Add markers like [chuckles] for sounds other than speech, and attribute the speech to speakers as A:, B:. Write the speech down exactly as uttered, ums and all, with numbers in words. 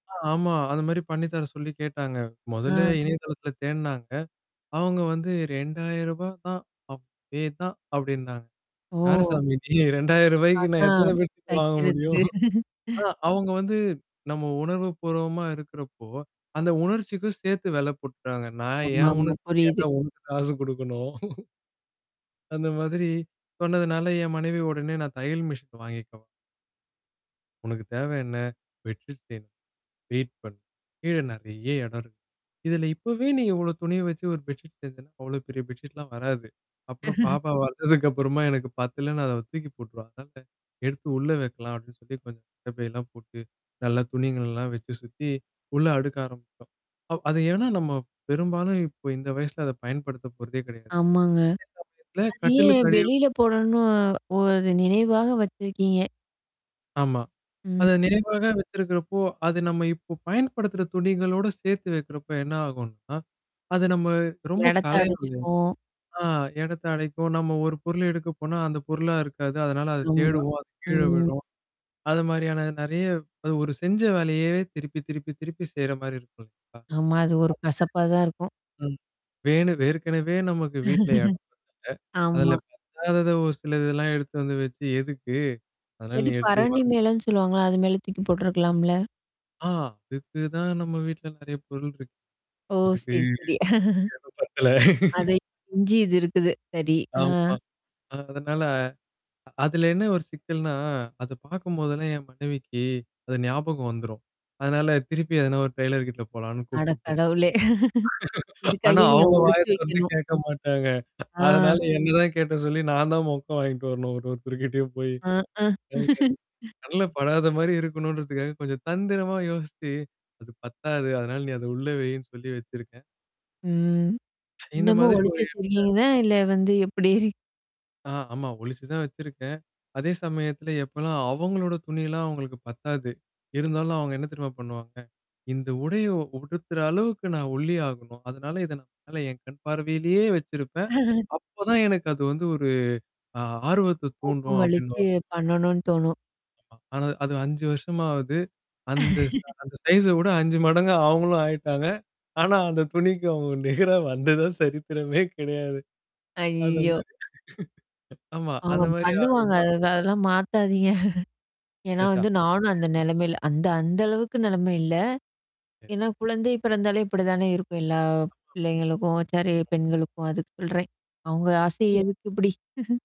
A: ஆமா. அது மாரி பண்ணித்தர சொல்லி கேட்டாங்க மொதலே
B: அ.
A: இணையதளத்தில தேடுனாங்க. அவுங்க வந்து ரெண்டாயிரூபா தான் அதுவே தான் அப்டின்னாங்க.
B: ஓ!
A: யாருசாமி நீ ரெண்டாயிரூபாக்கு நான் எத்தனை
B: அதான்
A: பேருக்கு வாங்க முடியும்?
B: தைக்கிறது.
A: ஆ
B: [chuckles]
A: அவுங்க வந்து நம்ம உணர்வு பூர்வமா இருக்கறப்போ, அந்த உணர்ச்சிக்கும் சேர்த்து வெல போட்டுடாங்க. நான் என்
B: ஆமாமா.
A: உணர்ச்சிக்கு
B: புரியுது.
A: ஏண்டா உனக்கு காசு குடுக்கணும். [chuckles] அந்த மாதிரி. சொன்னதுனால என் மனைவி உடனே நான் தையல் மிஷன் வாங்கிக்கவா உனக்கு தேவ என்ன? பெட்டு செய்யணும்? வெயிட் பண். கீழ நறைய இடம் இருக்கு. இதில இப்பவே நீ இவ்ளோ துணிய வச்சு ஒரு பெட்ஷீட் செஞ்சேன்னா, அவ்வளோ பெரிய பெட்ஷீட்லாம் வராது. அப்புறம்
B: [chuckles]
A: பாப்பா வளந்ததுக்கப்புறமா எனக்கு பத்துல நான் அத தூக்கி போட்டுருவா. அதனால எடுத்து உள்ள வைக்கலாம் அப்டின்னு சொல்லி கொஞ்சம் கட்ட பையெல்லாம் போட்டு, நல்லா துணிங்கள்ல்லாம் வச்சு சுத்தி, உள்ள அடுக்க ஆரம்பிச்சோம். அ அது ஏன்னா நம்ம பெரும்பாலும் இப்ப இந்த வயசுல அத பயன்படுத்த போறதே கிடையாது.
B: ஆமாங்க.
A: [unintelligible] இல்ல
B: அது ஏன்
A: கட்டுலுக்கடி அடில
B: வெளியில போடணு ஒரு நினைவாக வச்சிருக்கீங்க?
A: ஆமா.
B: ம்,
A: அத
B: ம்.
A: நினைவாக வச்சிருக்கிறப்போ, அத நம்ம இப்போ பயன்படுத்துற துணிகளோட சேர்த்து வைக்கிறப்ப என்ன ஆகும்னா? அது நம்ம ரொம்ப
B: எடத்த
A: கலையும்ல்ல?
B: அடச்சுக்கும்.
A: ஆ எடத்த அடைக்கும். நம்ம ஒரு பொருள் எடுக்க போனா, அந்த பொருளா இருக்காது. அதனால அத
B: ஆமா.
A: தேடுவோம். அது கீழ
B: ம்.
A: விழும். அது மாரியான நறைய அது ஒரு செஞ்ச வேலையவே திருப்பி திருப்பி திருப்பி செய்ற மாரி இருக்கும் இல்ல்லங்களா?
B: ஆமா. அது ஒரு கசப்பா தான் இருக்கும்.
A: [unintelligible] ம். வேணும் வேற்கனவே நமக்கு வீட்ல எடம் பத்தல.
B: [chuckles]
A: அதுல
B: ஆமா.
A: இப்ப ஆகாதத ஒரு சில இதெல்லாம் எடுத்து வந்து வச்சு எதுக்கு? அதனால
B: இல்லாட்டி,
A: நீ எடுத்து
B: பரணி
A: ஓரமா
B: மேலன்னு சொல்லுவாங்கல்ல, அது மேல தூக்கி போட்டுருக்கலாம்ல.
A: ஆ அதுக்கு தான் நம்ம வீட்ல நெறைய பொருள் இருக்கு.
B: ஓ!
A: அதுக்கு
B: சரி, சரி.
A: எடம் பத்தல
B: [chuckles] அத
A: [laughs]
B: இஞ்சி இது இருக்குது. சரி. ஆ.
A: ஆமா, அதனால அதுல என்ன ஒரு சிக்கல்னா, அத பார்க்கும்போதெல்லாம் என் மனைவிக்கு, அது ஞாபகம் வந்துரும். அதனால திருப்பி அதன ஒரு டெய்லர் கிட்ட போலான்னு
B: அட
A: கூப்ட்டு போவா
B: கடவுளே! [chuckles]
A: [laughs] ஆனா
B: இதுக்கைய்னே நீங்க
A: அவங்க
B: ஒழிச்சு
A: வாயத் தொறந்து
B: வைக்கணும்.
A: கேட்க மாட்டாங்க. அதனால,
B: ஆ.
A: என்னதான் கேட்ட சொல்லி நான் தான் மொக்க வாங்கிட்டு வரணும். ஒரு ஒரு தருக்கிட்டயும் போயி.
B: [groans]
A: ம்.
B: [laughs]
A: கண்ல படாத மாரி இருக்கணுன்றதுக்காக கொஞ்சம் தந்திரமா யோசிச்சு. அது பத்தாது. அதனால நீ அத உள்ள வையின்னு சொல்லி வச்சிருக்கேன்.
B: ம். அ, ஆ. [chuckles]
A: இந்த
B: இன்னமும்
A: மாதிரி
B: ஒழிச்சு
A: ஒரு [unintelligible]
B: வச்சிருக்கீங்களா? இல்ல வந்து எப்டி? [chuckles]
A: ஆ ஆமா. ஒளிச்சு தான் வச்சிருக்கேன். அதே சமயத்துல எப்போலாம் அவங்களோட துணிலாம் அவங்களுக்கு பத்தாது. இருந்தாலும் அவங்க என்ன தெரியமா பண்ணுவாங்க? இந்த உடைய உடுத்துற அளவுக்கு நான் ஒல்லியாகணும். அதனால இத நான் மேல என் கண் பார்வையிலேயே வச்சிருப்பேன்.
B: [chuckles]
A: அப்பதான் எனக்கு அது வந்து ஒரு ஆ ஆர்வத்த
B: உப்பு
A: தூண்டும்
B: மலிச்சு
A: அப்டின்னுவாங்க.
B: பண்ணணும்னு தோணும்.
A: ஆமா, ஆனா அது அஞ்சு வருஷமாவது. அந்த ச
B: [chuckles]
A: அந்த சைஸ வுட அஞ்சு மடங்கா அவங்களும் ஆயிட்டாங்க. ஆனா அந்த துணிக்கு அவங்க நேரம் வந்ததா சரித்திரமே கெடையாது. அத
B: ஐயயோ!
A: மாரி. ஆமா.
B: அவுங்க
A: அந்த மாரி
B: பண்ணுவாங்க.
A: ஆகுமா?
B: அ அதெல்லாம் மாத்தாதீங்க. [chuckles] ஏன்னா
A: பெர்சா
B: வந்து நானும் அந்த நெலமைல அந்த அந்த அளவுக்கு நெலம இல்ல.
A: சரி.
B: ஏன்னா குழந்தை பிறாந்தாலே இப்டி தானே இருக்கும். எல்லா
A: ஆமாமா.
B: பிள்ளைங்களுக்கும், சாரி பெண்களுக்கும் அதுக்கு சொல்றேன். அவங்க ஆசை
A: அது,
B: எதுக்கு இப்டி?